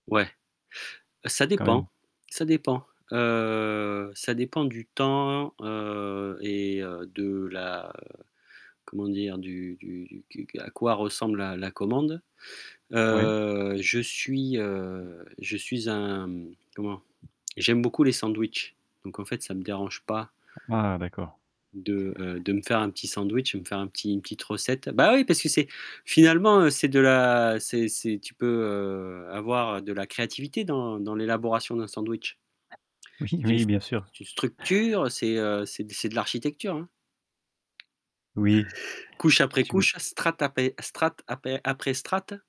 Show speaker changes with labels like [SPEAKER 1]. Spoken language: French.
[SPEAKER 1] Ouais, ça
[SPEAKER 2] Quand même.
[SPEAKER 1] dépend, ça dépend heu, Ça dépend du temps, heu et heu, de la, heu, comment dire? Du du du du à quoi ressemble la la commande.
[SPEAKER 2] Ouais.
[SPEAKER 1] Heu, Je suis heu, je suis un, mmh, comment? J'aime beaucoup les sandwichs. Donc en fait, ça me dérange pas
[SPEAKER 2] Ah d'accord.
[SPEAKER 1] de, heu, de me faire un petit sandwich et me faire un petit une petite recette. Bah oui, parce que c'est finalement, c'est de la c'est c'est tu peux, heu, avoir de la créativité dans dans l'élaboration d'un sandwich.
[SPEAKER 2] Oui,
[SPEAKER 1] C'est une
[SPEAKER 2] oui, bien sûr.
[SPEAKER 1] c'est une structure, c'est, heu, c'est c'est de l'architecture, hein.
[SPEAKER 2] Oui.
[SPEAKER 1] Couche après
[SPEAKER 2] Tu
[SPEAKER 1] couche, strates après strates après après strates